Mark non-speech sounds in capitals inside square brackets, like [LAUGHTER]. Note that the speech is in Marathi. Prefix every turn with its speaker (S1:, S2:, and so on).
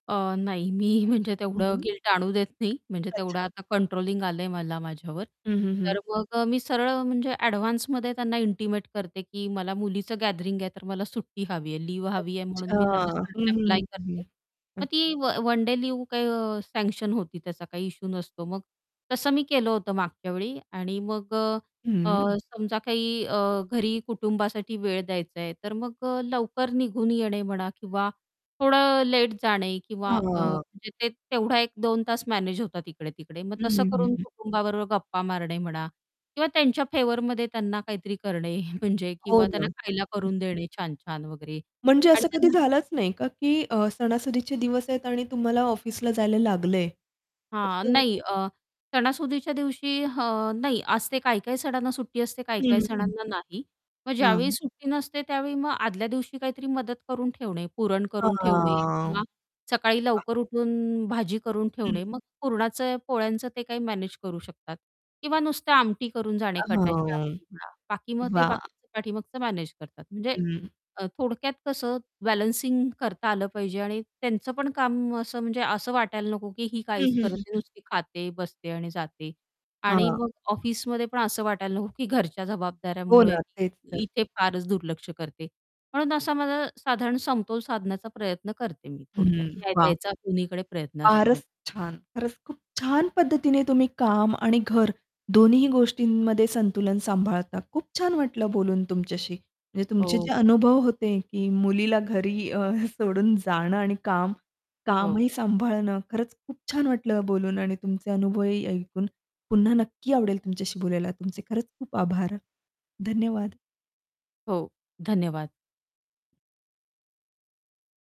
S1: अ, नाही मी म्हणजे तेवढं
S2: हं.
S1: गिल्ट आणू देत नाही. म्हणजे तेवढं
S2: अच्छा.
S1: आता कंट्रोलिंग आलंय मला माझ्यावर
S2: हं, हं, हं.
S1: तर मग अ, मी सरळ म्हणजे ॲडव्हान्समध्ये त्यांना इंटिमेट करते की मला मुलीचं गॅदरिंग आहे, तर मला सुट्टी हवी आहे, लीव्ह हवी आहे म्हणून
S2: अच्छा.
S1: मी त्यांना
S2: हं, हं,
S1: अप्लाय
S2: हं, हं.
S1: करते मग
S2: अच
S1: ती व one day leave uh, sanction होती त्याचा काही इश्यू नसतो मग. तसं मी केलं होतं मागच्यावेळी आणि मग अ,
S2: हं.
S1: अ, समजा काही अ, घरी कुटुंबासाठी वेळ द्यायचा आहे तर मग अ, लवकर निघून येणे म्हणा किंवा थोडं लेट जाणे किंवा अ,
S2: हां.
S1: म्हणजे ते तेवढा 1-2 तास मॅनेज होतात इकडे तिकडे मग
S2: हं,
S1: तसं
S2: हं, हं,
S1: करून
S2: हं.
S1: कुटुंबाबरोबर गप्पा मारणे म्हणा किंवा त्यांच्या फेवरमध्ये त्यांना काहीतरी करणे म्हणजे
S2: हो
S1: किंवा
S2: ना.
S1: त्यांना खायला
S2: हं.
S1: करून देणे छान-छान वगैरे
S2: म्हणजे
S1: आणि
S2: असं कधी
S1: त्यांना
S2: झालंच नाही का, की अ, सणासुदीचे दिवस आहेत आणि तुम्हाला ऑफिसला जायला लागलंय
S1: हां.
S2: असं
S1: नाही, अ, सणासुदीच्या दिवशी हं, नाही असते काही काही सणांना सुट्टी असते काही काही
S2: हं, हं.
S1: सणांना नाही, मग ज्यावेळी
S2: हां.
S1: सुट्टी नसते त्यावेळी मग आदल्या दिवशी काहीतरी मदत करून ठेवणे, पुरण करून ठेवणे
S2: हां.
S1: किंवा सकाळी
S2: अ
S1: लवकर उठून भाजी करून
S2: हं.
S1: ठेवणे, मग पुरणाचं पोळ्यांचं ते काही मॅनेज करू शकतात किंवा नुसत्या आमटी करून
S2: अ,
S1: जाणे कटाची
S2: हां.
S1: आमटी म्हणा बाकी मग ते
S2: वाह!
S1: बाकीचं पाठीमागचं मॅनेज करतात म्हणजे
S2: हं.
S1: थोडक्यात कसं बॅलन्सिंग करता आलं पाहिजे आणि त्यांचं पण काम असं म्हणजे असं वाटायला नको की ही
S2: हं,
S1: काहीच
S2: हं,
S1: करत
S2: हं,
S1: नाही,
S2: हं.
S1: नुसती खाते, बसते आणि जाते. आणि
S2: हां.
S1: मग ऑफिसमध्ये पण असं वाटायला नको की घरच्या
S2: हो
S1: जबाबदाऱ्यामुळे
S2: ना, तेच तर.
S1: इथे फारच दुर्लक्ष करते म्हणून असा माझा साधारण समतोल साधण्याचा प्रयत्न करते मी थोडक्यात
S2: हं.
S1: न्याय
S2: वाह.
S1: द्यायचा कुणीकडे प्रयत्न
S2: फारच
S1: असतो.
S2: छान. खरंच खूप छान पद्धतीने तुम्ही काम आणि घर दोन्हीही गोष्टींमध्ये संतुलन सांभाळता खूप छान वाटलं बोलून तुमच्याशी म्हणजे तुमचे जे
S1: हो.
S2: अनुभव होते की मुलीला घरी अ, [CHUCKLES] सोडून जाणं आणि काम
S1: हो.
S2: कामही सांभाळणं खरंच खूप छान वाटलं बोलून आणि तुमचे अनुभवही ऐकून पुन्हा नक्की आवडेल तुमच्याशी बोलायला तुमचे खरंच खूप आभार. धन्यवाद.
S1: हो, धन्यवाद.